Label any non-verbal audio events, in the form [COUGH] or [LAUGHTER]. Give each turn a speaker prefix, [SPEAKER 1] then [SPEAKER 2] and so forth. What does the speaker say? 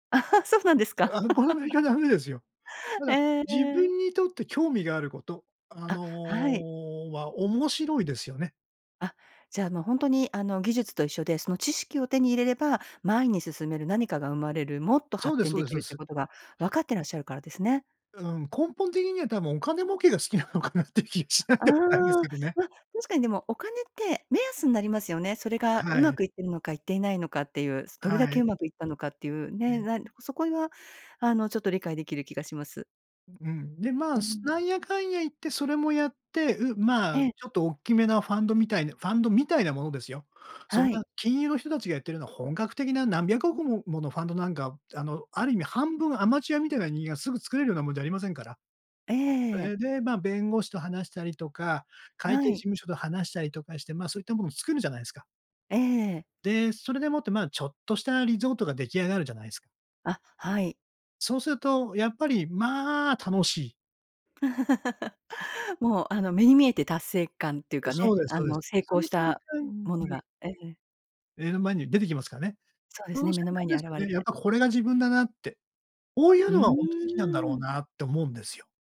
[SPEAKER 1] [LAUGHS] そうなんですか。
[SPEAKER 2] あ、この
[SPEAKER 1] [LAUGHS]
[SPEAKER 2] [UNINTELLIGIBLE] ダメですよ。た
[SPEAKER 1] え
[SPEAKER 2] だ、
[SPEAKER 1] え
[SPEAKER 2] 自
[SPEAKER 1] ええ。
[SPEAKER 2] 分にとって興味があること、あ
[SPEAKER 1] あ、
[SPEAKER 2] の、
[SPEAKER 1] はい。
[SPEAKER 2] は面白いですよね。
[SPEAKER 1] あ、じゃあ、もう、ほんとに、あの、技術と一緒で、その知識を手に入れれば、前に進める何かが生まれる、もっと
[SPEAKER 2] そう
[SPEAKER 1] 発
[SPEAKER 2] です
[SPEAKER 1] 展
[SPEAKER 2] そう
[SPEAKER 1] 出
[SPEAKER 2] です、
[SPEAKER 1] 来
[SPEAKER 2] そう
[SPEAKER 1] るって
[SPEAKER 2] す。
[SPEAKER 1] ことがわかってらっしゃるからですね。
[SPEAKER 2] うん、根本的には多分、お金儲けが好きなのかなっていう気がしない
[SPEAKER 1] あ
[SPEAKER 2] でもないんです
[SPEAKER 1] あ。
[SPEAKER 2] けどね。
[SPEAKER 1] ま、確かにでもお金って、目安になりますよね。それが
[SPEAKER 2] は
[SPEAKER 1] 上手
[SPEAKER 2] い。
[SPEAKER 1] くいってるのか、いっていないのかっていう。すどれだ
[SPEAKER 2] はい。
[SPEAKER 1] け上手くいったのかっていう、ね、
[SPEAKER 2] ね。
[SPEAKER 1] なんそこいは、あの、ちょっと理解出来る気がします。
[SPEAKER 2] ううん。で、ま
[SPEAKER 1] う
[SPEAKER 2] あ、す
[SPEAKER 1] ん。
[SPEAKER 2] なんやかんや言ってそれもやって、う、ま
[SPEAKER 1] え
[SPEAKER 2] あ、
[SPEAKER 1] え。
[SPEAKER 2] ちょっとおっきめなファンドみたいなファンドみたいなものですよ。そん
[SPEAKER 1] は
[SPEAKER 2] な、
[SPEAKER 1] い。
[SPEAKER 2] 金融の人たちがやってるのは本格的な何百億もものファンドなんか、あの、ある意味半分アマチュアみたいな人間がすぐ作れるようなもんじゃありませんから。
[SPEAKER 1] ええええ。
[SPEAKER 2] え、で、ま、弁護士と話したりとか、会
[SPEAKER 1] は
[SPEAKER 2] 計事
[SPEAKER 1] い。
[SPEAKER 2] 務所と話したりとかして、ま、そういったものを作るじゃないすか。
[SPEAKER 1] えええ。
[SPEAKER 2] で、それでもって、まあ、ちょっとしたリゾートが出来上がるじゃないすか。
[SPEAKER 1] あ、はい。
[SPEAKER 2] そうすると、やっぱり、まあ、楽しい。[CHUCKLES]
[SPEAKER 1] [LAUGHS] もう、あの、目に見えて達成感っていう
[SPEAKER 2] う、
[SPEAKER 1] か
[SPEAKER 2] そ
[SPEAKER 1] ね、
[SPEAKER 2] うです
[SPEAKER 1] あ
[SPEAKER 2] そうで
[SPEAKER 1] の、
[SPEAKER 2] す。
[SPEAKER 1] 成
[SPEAKER 2] そ
[SPEAKER 1] 功
[SPEAKER 2] の
[SPEAKER 1] し
[SPEAKER 2] 瞬
[SPEAKER 1] た、
[SPEAKER 2] 間
[SPEAKER 1] もの
[SPEAKER 2] [UNINTELLIGIBLE]
[SPEAKER 1] がええ。
[SPEAKER 2] 目の前に出てきますかね。
[SPEAKER 1] そうで
[SPEAKER 2] そ
[SPEAKER 1] す
[SPEAKER 2] の
[SPEAKER 1] ね、
[SPEAKER 2] 瞬
[SPEAKER 1] 目の前
[SPEAKER 2] 間
[SPEAKER 1] に
[SPEAKER 2] です
[SPEAKER 1] 現
[SPEAKER 2] よ
[SPEAKER 1] れ
[SPEAKER 2] ね、やっ
[SPEAKER 1] て
[SPEAKER 2] ぱこれが自分だなって。こうい
[SPEAKER 1] う
[SPEAKER 2] うのがほんと好きなんだろ
[SPEAKER 1] ー
[SPEAKER 2] う
[SPEAKER 1] ん。
[SPEAKER 2] なって思うんですよ。